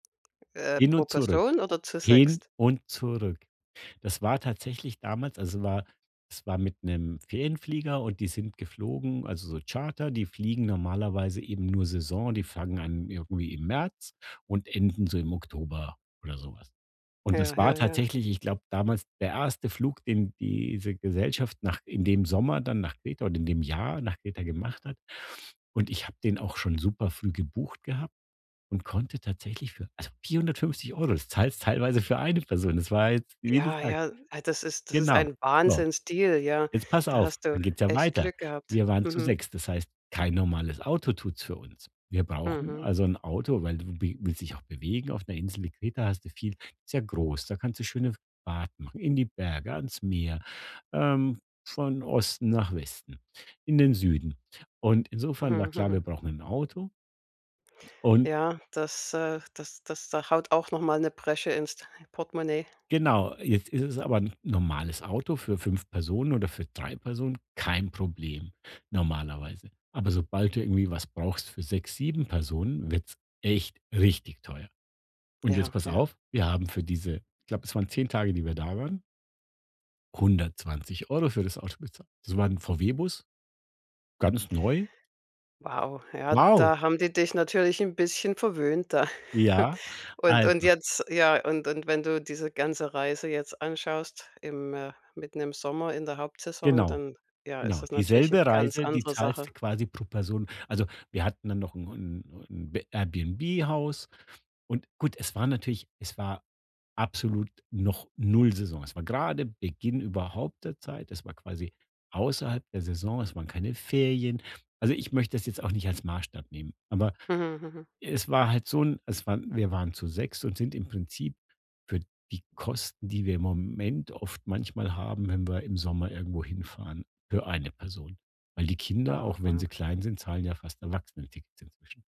Äh, Hin pro und zurück, Person oder zu hin sechst? und zurück. Das war tatsächlich damals es war es war mit 'nem Ferienflieger, und die sind geflogen also so Charter, die fliegen normalerweise eben nur Saison, die fangen an irgendwie im März und enden so im Oktober oder so was. Und das Ja, war ja, ja. tatsächlich, ich glaube damals der 1. Flug, den diese Gesellschaft nach in dem Sommer dann nach Kreta oder in dem Jahr nach Kreta gemacht hat. Und ich habe den auch schon super früh gebucht gehabt und konnte tatsächlich für also 450 €. Das zahlst teilweise für eine Person. Das war jetzt, wie du Ja, sagst ja, ah, das ist das ist Genau. ein So. Wahnsinnsdeal, ja, Jetzt pass da auf, hast du dann geht's ja echt weiter. Glück gehabt. Wir waren zu Mhm. sechst. Das heißt, kein normales Auto tut's für uns. Wir brauchen Mhm. also 'n Auto, weil du wi willst dich auch bewegen. Auf ’ner Insel wie Kreta hast du viel ist ja groß. Da kannst du schöne Fahrten machen, in die Berge, ans Meer, ähm, von Osten nach Westen, in den Süden. Und insofern war Mhm, klar, wir mhm. brauchen 'n Auto und Ja, das, äh, das das da haut auch noch mal 'ne Bresche ins d Portemonnaie. Genau, jetzt ist es aber 'n normales Auto für 5 Personen oder für 3 Personen kein Problem, normalerweise. Aber sobald du irgendwie was brauchst für 6, 7 Personen, wird's echt richtig teuer. Und jetzt Ja, pass ja. auf, wir haben für diese ich glaube, es waren 10 Tage, die wir da waren 120 für das Auto bezahlt. Das war ’n VW Bus, ganz neu. Wow, ja, Wow. da haben die dich natürlich 'n bisschen verwöhnt da. Ja, Und und also jetzt ja, und und wenn du diese ganze Reise jetzt anschaust im äh, mitten im Sommer in der Hauptsaison, Genau, dann, ja, ist genau. das natürlich 'ne Dieselbe ganz Reise, die andere zahlst Sache. du quasi pro Person. Also, wir hatten dann noch 'n 'n 'n B Airbnb-Haus und gut, es war natürlich es war absolut noch null Saison. Es war grade Beginn überhaupt der Zeit. Es war quasi außerhalb der Saison. Es waren keine Ferien. Also, ich möchte das jetzt auch nicht als Maßstab nehmen. Aber, Mhm, mhm. es war halt so 'n es waren wir waren zu sechst und sind im Prinzip für die Kosten, die wir im Moment oft manchmal haben, wenn wir im Sommer irgendwo hinfahren für eine Person. Weil die Kinder, Wow, auch wenn sie wow. klein sind, zahlen ja fast Erwachsenentickets inzwischen.